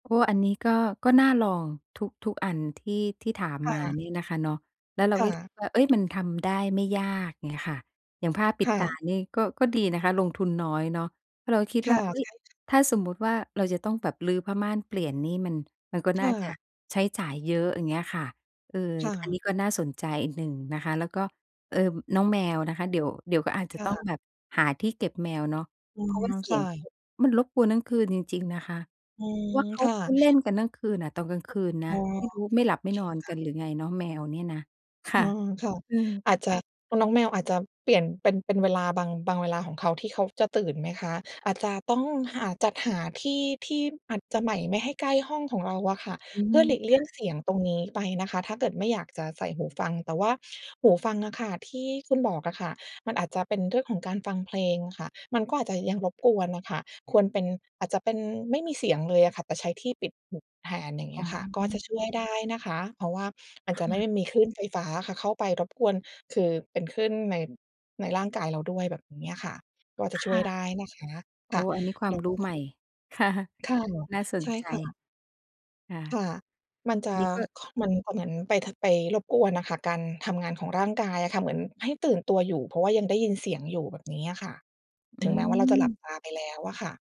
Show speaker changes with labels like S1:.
S1: โอ้ อันนี้ก็ ก็น่าลอง ทุก ทุกอันที่ ที่ถาม
S2: ค่
S1: มา
S2: ะ
S1: นี่นะคะเนาะ แล้วเรา
S2: ค่
S1: ก็
S2: ะ
S1: คิดว่า เฮ้ย มันทำได้ไม่ยาก เงี้ยค่ะ อย่างผ้าปิ
S2: ค
S1: ด
S2: ่
S1: ตา
S2: ะ
S1: นี่ ก็ ก็ดีนะคะ ลงทุนน้อยเนาะ เพราะเราก็คิด
S2: ค
S1: ว่
S2: ่
S1: า
S2: ะ
S1: "เฮ้
S2: ใช
S1: ย
S2: ่ค่ะ
S1: ถ้าสมมุติว่า เราจะต้องแบบรื้อผ้าม่านเปลี่ยน นี่มัน มันก็
S2: ค
S1: น่า
S2: ่
S1: จะ
S2: ะ
S1: ใช้จ่ายเยอะ" อย่างเงี้ยค่ะ เออ
S2: ค่
S1: อัน
S2: ะ
S1: นี้ก็น่าสนใจอีกหนึ่งนะคะ แล้วก็ เอ่อ น้องแมวนะคะ เดี๋ยว เดี๋ยวก็อาจจ
S2: ค
S1: ะ
S2: ่
S1: ต้อง
S2: ะ
S1: แบบหาที่เก็บแมวเนาะ
S2: อื
S1: เพราะ
S2: ม
S1: ว่าเส
S2: ค
S1: ี
S2: ่
S1: ยงเข
S2: ะ
S1: ามันรบกวนทั้งคืนจริง ๆ นะคะ
S2: อื
S1: เพ
S2: ม
S1: ราะว่าเขา
S2: ค่ะ
S1: เขาเล่นกันทั้งคืนอะ ตอนกลางคืนน
S2: อ
S1: ะ
S2: ๋อ
S1: ไม่รู้ไม่หลั
S2: โ
S1: บ
S2: อ
S1: ไม่
S2: เค
S1: นอน
S2: ค
S1: ก
S2: ่ะ
S1: ันหรือไงเนาะ แมวนี่นะ ค
S2: อ
S1: ่
S2: ื
S1: ะ
S2: ม ค่ะ
S1: อืม
S2: อาจจะ น้องแมวอาจจะเปลี่ยนเป็น เป็นเวลา บาง บางเวลาของเขาที่เขาจะตื่นไหมคะ? อาจจะต้องหา จัดหาที่ที่อาจจะใหม่ ไม่ให้ใกล้ห้องของเราอะค่ะ
S1: อื
S2: เพ
S1: ม
S2: ื่อหลีกเลี
S1: ค
S2: ่
S1: ่
S2: ย
S1: ะ
S2: งเสียงตรงนี้ไปนะคะ ถ้าเกิดไม่อยากจะใส่หูฟัง แต่ว่าหูฟังอะค่ะที่คุณบอกอะค่ะ มันอาจจะเป็นเรื่องของการฟังเพลงค่ะ มันก็อาจจะยังรบกวนน่ะค่ะ ควรเป็น อาจจะเป็นไม่มีเสียงเลยอะค่ะ แต่ใช้ที่ปิดหูแทน อย่างเง
S1: อ
S2: ี
S1: ๋
S2: ้ยค่ะ ก็จะช่
S1: อ
S2: วยได้นะคะ เพราะว่าอาจ
S1: ค
S2: จ
S1: ่
S2: ะไม่ไ
S1: ะ
S2: ด้มีคลื่นไฟฟ้าค่ะเข้าไปรบกวน คือเป็นคลื่นใน ในร่างกายเราด้วยแบบเนี้ยค่ะ ก็อาจจะ
S1: ค
S2: ช่ว
S1: ่
S2: ยไ
S1: ะ
S2: ด้นะคะ
S1: โ
S2: ค
S1: อ
S2: ่
S1: ้
S2: ะ
S1: อันนี้คว
S2: แ
S1: า
S2: ล
S1: ม
S2: ้ว
S1: รู
S2: พ
S1: ้
S2: ว
S1: ให
S2: ก
S1: ม่ ค่ะ
S2: ค่ะ
S1: น่าส
S2: ใ
S1: น
S2: ช่
S1: ใจ
S2: ค่ะ
S1: ค่ะ
S2: ค่ะ มันจะ
S1: นี้ก็
S2: ค มันก็เหมือนไป ท ไปรบกวนน่ะค่ะ การทำงานของร่างกายอะค่ะ เหมือนให้ตื่นตัวอยู่ เพราะว่ายังได้ยินเสียงอยู่ แบบนี้อะค่ะ
S1: อ
S2: ถ
S1: ื
S2: ึงแม้ว่าเราจะหลับ
S1: ม
S2: ตาไปแล้วอะค่ะ